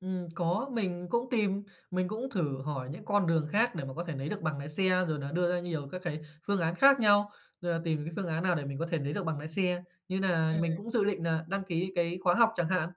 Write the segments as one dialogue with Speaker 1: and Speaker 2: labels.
Speaker 1: Ừm, có, mình cũng tìm, mình cũng thử hỏi những con đường khác để mà có thể nấy được bằng lái xe, rồi nà đưa ra nhiều các cái phương án khác nhau, rồi nà tìm những phương án nào để mình có thể nấy được bằng lái xe, như nà
Speaker 2: Ừm.
Speaker 1: mình cũng dự định nà đăng ký cái khóa học chẳng hạn.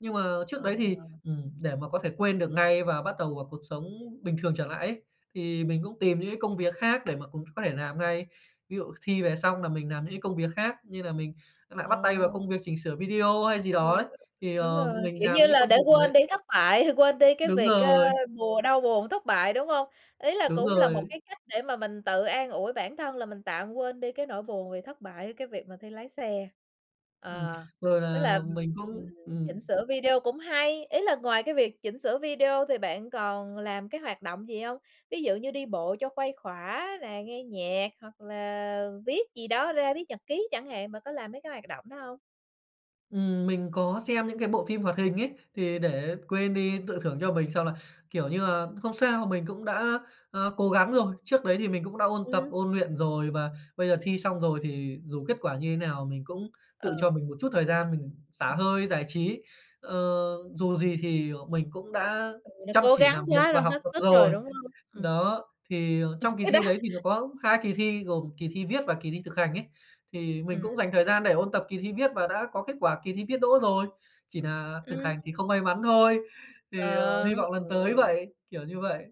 Speaker 1: Nhưng mà
Speaker 2: Ờ.
Speaker 1: trước đấy thì, ừm, để mà có thể quên được ngay và bắt đầu vào cuộc sống bình thường trở lại ấy, thì mình cũng tìm những cái công việc khác để mà cũng có thể làm ngay. Ví dụ thi về xong là mình làm những cái công việc khác, như nà mình nại bắt tay vào
Speaker 2: Ờ.
Speaker 1: công việc chỉnh sửa video hay gì
Speaker 2: Ờ,
Speaker 1: đó ấy, thì,
Speaker 2: đúng
Speaker 1: ờ,
Speaker 2: rồi,
Speaker 1: mình
Speaker 2: kiểu
Speaker 1: làm
Speaker 2: như
Speaker 1: những cái
Speaker 2: là,
Speaker 1: công
Speaker 2: để
Speaker 1: việc
Speaker 2: quên
Speaker 1: đấy.
Speaker 2: đi thất bại, hay quên đi cái
Speaker 1: Đúng
Speaker 2: việc, ơ,
Speaker 1: rồi.
Speaker 2: buồn đau buồn thất bại, đúng hông? Ý là
Speaker 1: Đúng
Speaker 2: cũng là một
Speaker 1: rồi.
Speaker 2: cái cách để mà mình tự an ủi bản thân là mình tạm quên đi cái nỗi buồn vì thất bại, ở cái việc mà thi lái xe.
Speaker 1: Ừm,
Speaker 2: Ờ,
Speaker 1: rồi
Speaker 2: tức là,
Speaker 1: là
Speaker 2: ừm,
Speaker 1: mình
Speaker 2: ừm,
Speaker 1: cũng
Speaker 2: chỉnh
Speaker 1: ừm.
Speaker 2: sửa video cũng hay, ý là ngoài cái việc chỉnh sửa video thì bạn còn làm cái hoạt động gì hông? Ví dụ như đi bộ cho khuây khỏa nè, nghe nhạc hoặc là viết gì đó ra, viết nhật ký chẳng hạn, bạn có làm mấy cái hoạt động đó hông?
Speaker 1: Ừm, mình có xem những cái bộ phim hoạt hình ấy, thì để quên đi tự
Speaker 2: [unintelligible]
Speaker 1: thưởng cho mình xong là, kiểu như là, không sao, mình cũng đã, a, cố gắng rồi. Trước đấy thì mình cũng đã ôn tập,
Speaker 2: Ừm.
Speaker 1: ôn luyện rồi và bây giờ thi xong rồi thì dù kết quả như thế nào mình cũng tự cho
Speaker 2: Ờ.
Speaker 1: mình một chút thời gian mình xả
Speaker 2: Ừm.
Speaker 1: hơi, giải trí. Ờ, dù gì thì, ờ, mình cũng đã
Speaker 2: Ừ, nó
Speaker 1: chăm
Speaker 2: cố
Speaker 1: chỉ
Speaker 2: gắng
Speaker 1: làm việc
Speaker 2: quá
Speaker 1: và
Speaker 2: rồi,
Speaker 1: học
Speaker 2: hết
Speaker 1: tập
Speaker 2: sức rồi,
Speaker 1: rồi.
Speaker 2: đúng hông? Ừm.
Speaker 1: Đó, thì, ờ,
Speaker 2: Ừm,
Speaker 1: trong kỳ
Speaker 2: cái đó
Speaker 1: thi đấy thì nó có 2 kỳ thi gồm kỳ thi viết và kỳ thi thực hành ấy, thì mình
Speaker 2: Ừm.
Speaker 1: cũng dành thời gian để ôn tập kỳ thi viết và đã có kết quả kỳ thi viết đỗ rồi, chỉ nà thực
Speaker 2: Ừm.
Speaker 1: hành thì không may mắn thôi, thì, ờ,
Speaker 2: Ờ,
Speaker 1: hy vọng
Speaker 2: ừ.
Speaker 1: lần tới vậy, kiểu như vậy.